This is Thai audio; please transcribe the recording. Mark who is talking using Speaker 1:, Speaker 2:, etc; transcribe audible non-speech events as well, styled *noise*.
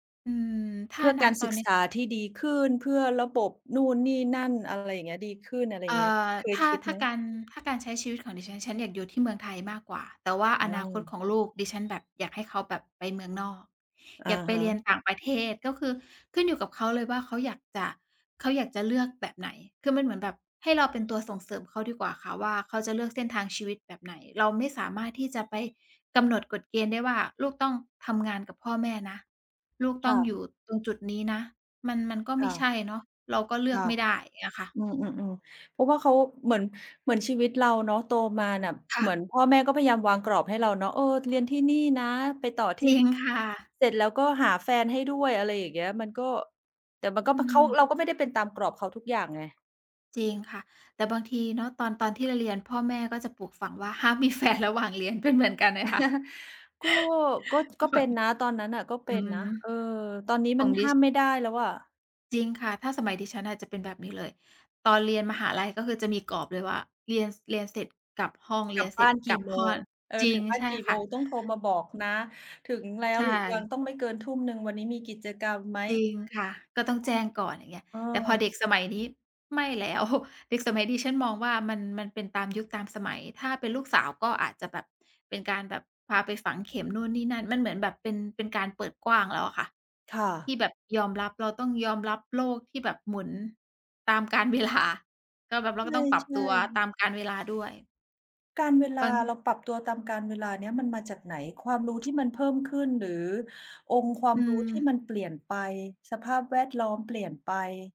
Speaker 1: อืม ถ
Speaker 2: เ
Speaker 1: ้
Speaker 2: พ
Speaker 1: า
Speaker 2: ื่อ
Speaker 1: ณ
Speaker 2: การ
Speaker 1: ตอ
Speaker 2: ศึ
Speaker 1: น
Speaker 2: ก
Speaker 1: นี้
Speaker 2: ษาที่ดีขึ้น เพื่อระบบนู่นนี่นั่น อะไรอย่างเงี้ย ดีขึ้น อะไร
Speaker 1: ำ
Speaker 2: อ
Speaker 1: เ
Speaker 2: ย
Speaker 1: อ
Speaker 2: ่า
Speaker 1: ่
Speaker 2: งเงี้ย
Speaker 1: อ
Speaker 2: เค
Speaker 1: ถ
Speaker 2: ย
Speaker 1: ้า
Speaker 2: คิด
Speaker 1: ถ้
Speaker 2: ไ
Speaker 1: า
Speaker 2: หม?
Speaker 1: การ ถ้าการใช้ชีวิตของดิฉัน ฉันอยากอยู่ที่เมืองไทยมากกว่า แต่ว่า
Speaker 2: อ
Speaker 1: อ
Speaker 2: ื
Speaker 1: นาคต
Speaker 2: ม
Speaker 1: ของลูกดิฉัน แบบอยากให้เขาแบบไปเมืองนอก
Speaker 2: อะ
Speaker 1: อยากไป
Speaker 2: ฮ
Speaker 1: เรียน
Speaker 2: ะ
Speaker 1: ต่างประเทศ ก็คือขึ้นอยู่กับเขาเลยว่าเขาอยากจะ เขาอยากจะเลือกแบบไหน คือมันเหมือนแบบให้เราเป็นตัวส่งเสริมเขาดีกว่าค่ะ ว่าเขาจะเลือกเส้นทางชีวิตแบบไหน เราไม่สามารถที่จะไปกำหนดกฎเกณฑ์ได้ว่า "ลูกต้องทำงานกับพ่อแม่นะ ลูกต
Speaker 2: ค
Speaker 1: ้อ
Speaker 2: ่
Speaker 1: งอ
Speaker 2: ะ
Speaker 1: ยู่ตรงจุดนี้นะ" มัน มันก็
Speaker 2: ค
Speaker 1: ไม
Speaker 2: ่
Speaker 1: ่ใช
Speaker 2: ะ
Speaker 1: ่เนาะ เราก็เลื
Speaker 2: ค
Speaker 1: อก
Speaker 2: ่ะ
Speaker 1: ไม่ได้ อย่างเงี้ยค่ะ
Speaker 2: อืม ๆ ๆ เพราะว่าเขาเหมือน เหมือนชีวิตเราเนาะโตมาน่ะ
Speaker 1: ค่
Speaker 2: เหมื
Speaker 1: ะ
Speaker 2: อนพ่อแม่ก็พยายามวางกรอบให้เราเนาะ เออ "เรียนที่นี่นะ ไปต่อท
Speaker 1: จ
Speaker 2: ี่
Speaker 1: ริ
Speaker 2: นี
Speaker 1: ง
Speaker 2: ่"
Speaker 1: ค่ะ
Speaker 2: เสร็จแล้วก็หาแฟนให้ด้วย อะไรอย่างเงี้ย มันก็ แต่มันก็
Speaker 1: อื
Speaker 2: เพราะเขา
Speaker 1: ม
Speaker 2: เราก็ไม่ได้เป็นตามกรอบเขาทุกอย่าง ไง
Speaker 1: จริงค่ะ แต่บางทีเนาะ ตอน ตอนที่เราเรียน พ่อแม่ก็จะปลูกฝังว่า "ห้ามมี แฟน ระหว่างเรียน" เป็นเหมือนกันไหมคะ?
Speaker 2: *chuckles* ก็ ก็
Speaker 1: ก
Speaker 2: ก
Speaker 1: ็
Speaker 2: ็
Speaker 1: แ
Speaker 2: เ
Speaker 1: บ
Speaker 2: ป็
Speaker 1: บ
Speaker 2: นนะ ตอนนั้นน่ะก็เป
Speaker 1: อื
Speaker 2: ็นนะ
Speaker 1: อ
Speaker 2: เออ ตอนนี้
Speaker 1: ส
Speaker 2: มั
Speaker 1: ่
Speaker 2: น
Speaker 1: งด
Speaker 2: ห
Speaker 1: ิ
Speaker 2: ้า
Speaker 1: สก์
Speaker 2: มไม่ได้แล้วอะ
Speaker 1: จริงค่ะ ถ้าสมัยดิฉันน่ะ จะเป็นแบบนี้เลย ตอนเรียนมหาลัยก็คือจะมีกรอบเลยว่า "เรียน เรียนเสร็จกลับห้อง เ
Speaker 2: ก
Speaker 1: รี
Speaker 2: ลั
Speaker 1: ย
Speaker 2: บ
Speaker 1: นเส
Speaker 2: บ
Speaker 1: ร็
Speaker 2: ้า
Speaker 1: จ
Speaker 2: นก
Speaker 1: ก
Speaker 2: ี
Speaker 1: ล
Speaker 2: ่
Speaker 1: ับ
Speaker 2: โม
Speaker 1: ห้อ
Speaker 2: ง
Speaker 1: ง"
Speaker 2: เออ
Speaker 1: จริ
Speaker 2: ถึ
Speaker 1: ง
Speaker 2: งบ้า
Speaker 1: ใช
Speaker 2: น
Speaker 1: ่
Speaker 2: กี่
Speaker 1: ค
Speaker 2: โม
Speaker 1: ่ะ
Speaker 2: ง ต้องโทรมาบอกนะ ถึงแล้
Speaker 1: ใช
Speaker 2: วหรือยัง
Speaker 1: ่
Speaker 2: ต้องไม่เกินทุ่มหนึ่ง วันนี้มีกิจกรรมไหม?
Speaker 1: จริงค่ะ ก็ต้อง
Speaker 2: อ้
Speaker 1: แจ
Speaker 2: อ
Speaker 1: ้งก่อน อย่างเงี้ย
Speaker 2: เอ
Speaker 1: แต่พอ
Speaker 2: อ
Speaker 1: เด็กสมัยนี้ไม่แล้ว *chuckles* เด็กสมัยดิฉันมองว่ามัน มันเป็นตามยุคตามสมัย ถ้าเป็นลูกสาวก็อาจจะแบบเป็นการแบบพาไปฝังเข็มนู่นนี่นั่น มันเหมือนแบบเป็น เป็นการเปิดกว้างแล้วอะค่ะ
Speaker 2: ค่
Speaker 1: ที
Speaker 2: ะ
Speaker 1: ่แบบยอมรับ เราต้องยอมรับโลกที่แบบหมุนตามกาล เวลา ก็แบบเราก
Speaker 2: ใ
Speaker 1: ็ต้องปรับ
Speaker 2: ช
Speaker 1: ต
Speaker 2: ่
Speaker 1: ัวต
Speaker 2: ๆ
Speaker 1: ามกาล เวลาด้วย
Speaker 2: กาลเวลา
Speaker 1: มัน
Speaker 2: เราปรับตัวตามกาลเวลาเนี้ยมันมาจากไหน? ความรู้ที่มันเพิ่มขึ้น หรือองค์ควา
Speaker 1: อ
Speaker 2: ม
Speaker 1: ื
Speaker 2: รู้ที่
Speaker 1: ม
Speaker 2: มันเปลี่ยนไป สภาพแวดล้อมเปลี่ยนไป